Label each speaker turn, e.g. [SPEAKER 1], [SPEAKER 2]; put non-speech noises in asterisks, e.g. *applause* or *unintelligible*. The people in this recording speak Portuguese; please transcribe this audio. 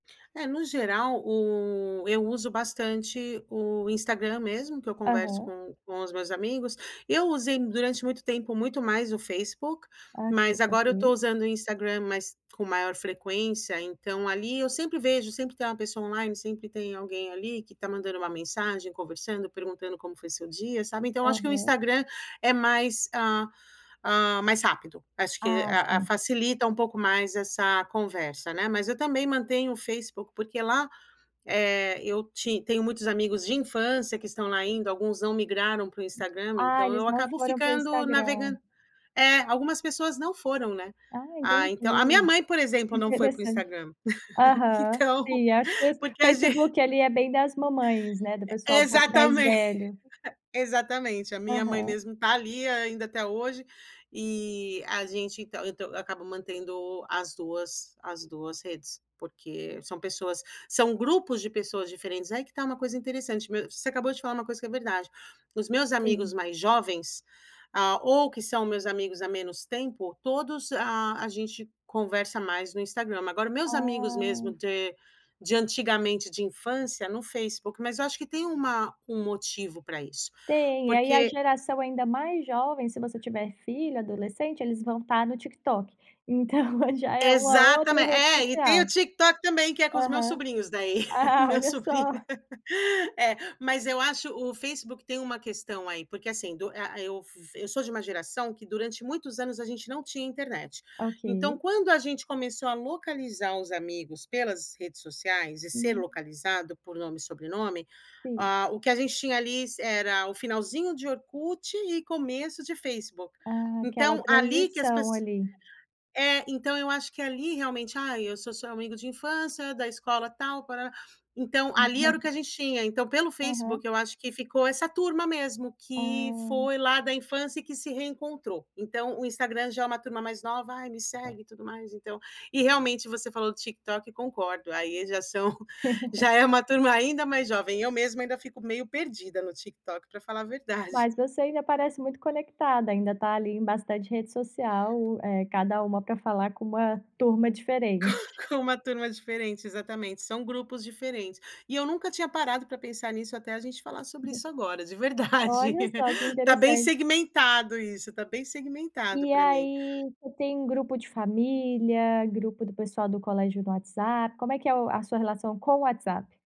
[SPEAKER 1] É, no geral o eu uso bastante o Instagram mesmo, que eu converso
[SPEAKER 2] Aham.
[SPEAKER 1] com com os meus amigos. Eu usei durante muito tempo, muito mais o Facebook,
[SPEAKER 2] Ah,
[SPEAKER 1] mas agora eu tô
[SPEAKER 2] *unintelligible*
[SPEAKER 1] usando o Instagram, mas com maior frequência, então ali eu sempre vejo, sempre tem um pessoa online, sempre tem alguém ali que tá mandando uma mensagem, conversando, perguntando como foi seu dia, sabe. Então eu acho que o
[SPEAKER 2] Aham.
[SPEAKER 1] Instagram é mais, hã hã, mais rápido. Acho que
[SPEAKER 2] Ah,
[SPEAKER 1] a a
[SPEAKER 2] sim.
[SPEAKER 1] facilita um pouco mais essa conversa, né. Mas eu também mantenho o Facebook porque lá, eh, eu ti tenho muitos amigos de infância que estão lá ainda, alguns não migraram para o Instagram,
[SPEAKER 2] Ah,
[SPEAKER 1] então eu
[SPEAKER 2] eles não
[SPEAKER 1] acabo
[SPEAKER 2] foram para o
[SPEAKER 1] ficando,
[SPEAKER 2] Instagram.
[SPEAKER 1] navegando é, algumas pessoas não foram, né.
[SPEAKER 2] Ah,
[SPEAKER 1] Ah, então a minha
[SPEAKER 2] entendi,
[SPEAKER 1] mãe, por exemplo, não foi para o
[SPEAKER 2] interessante.
[SPEAKER 1] Instagram. *laughs*
[SPEAKER 2] Aham,
[SPEAKER 1] Então,
[SPEAKER 2] sim acho que o
[SPEAKER 1] porque a gen
[SPEAKER 2] Facebook ali é bem das mamães, né, do
[SPEAKER 1] E
[SPEAKER 2] pessoal um pouco mais
[SPEAKER 1] exatamen
[SPEAKER 2] velho.
[SPEAKER 1] exatamente, a minha mãe
[SPEAKER 2] Aham.
[SPEAKER 1] mesmo tá ali ainda até hoje e a gente então então eu acabo mantendo as duas as duas redes, porque são pessoas são grupos de pessoas diferentes. Aí que tá uma coisa interessante, me você acabou de falar uma coisa que é verdade. Os meus amigos
[SPEAKER 2] Sim.
[SPEAKER 1] mais jovens, hã, ou que são meus amigos há menos tempo, todos, ah, a gente conversa mais no Instagram, mas agora meus amigos mesmo
[SPEAKER 2] Ah!
[SPEAKER 1] de de antigamente de infância, no Facebook. Mas eu acho que tem uma um motivo pra isso,
[SPEAKER 2] Tem, aí a
[SPEAKER 1] porque
[SPEAKER 2] geração ainda mais jovem, se você tiver filho adolescente, eles vão estar no TikTok. Então já é uma outra
[SPEAKER 1] Exatamen
[SPEAKER 2] rede
[SPEAKER 1] é, e tem o
[SPEAKER 2] social.
[SPEAKER 1] TikTok também que é com os meus
[SPEAKER 2] Aham.
[SPEAKER 1] sobrinhos, daí. *laughs*
[SPEAKER 2] Ah,
[SPEAKER 1] Meu
[SPEAKER 2] olha
[SPEAKER 1] sobrinho
[SPEAKER 2] só.
[SPEAKER 1] é. Mas eu acho o Facebook tem uma questão aí, porque, assim, do a eu vi eu sou de uma geração que durante muitos anos a gente não tinha internet. Então
[SPEAKER 2] Ok.
[SPEAKER 1] quando a gente começou a localizar os amigos pelas redes sociais e ser
[SPEAKER 2] Hum.
[SPEAKER 1] localizado por nome e sobrenome,
[SPEAKER 2] Sim.
[SPEAKER 1] ah, o que a gente tinha ali era o finalzinho de Orkut e começo de Facebook.
[SPEAKER 2] Ah, aquela
[SPEAKER 1] Então ali que as
[SPEAKER 2] transição
[SPEAKER 1] pesso
[SPEAKER 2] ali.
[SPEAKER 1] é ,então eu acho que ali realmente "Ai, eu sou seu amigo de infância, da escola tal". *unintelligible* Então ali era o que a
[SPEAKER 2] *laughs*
[SPEAKER 1] gente tinha, então pelo
[SPEAKER 2] Aham.
[SPEAKER 1] Facebook eu acho que ficou essa turma mesmo, que
[SPEAKER 2] Ah.
[SPEAKER 1] foi lá da infância e que se reencontrou. Então o Instagram já é uma turma mais nova "Ai, me segue e tudo mais, então". E realmente você falou do TikTok, concordo, aí já são já
[SPEAKER 2] *laughs*
[SPEAKER 1] é uma turma ainda mais jovem. Eu mesma ainda fico meio perdida no TikTok pra falar a verdade.
[SPEAKER 2] Mas você ainda parece muito conectada, ainda tá ali em bastante rede social, eh, cada uma pra falar com uma turma
[SPEAKER 1] Com
[SPEAKER 2] diferente.
[SPEAKER 1] com uma turma diferente, exatamente, são grupos diferentes. E eu nunca tinha parado pra pensar nisso até a gente falar sobre isso agora, de
[SPEAKER 2] *unintelligible*
[SPEAKER 1] verdade.
[SPEAKER 2] Olha só, que
[SPEAKER 1] *laughs* Tá bem
[SPEAKER 2] interessante.
[SPEAKER 1] segmentado isso, tá bem segmentado
[SPEAKER 2] E
[SPEAKER 1] pra mim.
[SPEAKER 2] aí tu tem um grupo de família, grupo do pessoal do colégio no WhatsApp, como é que é o a sua relação com o WhatsApp?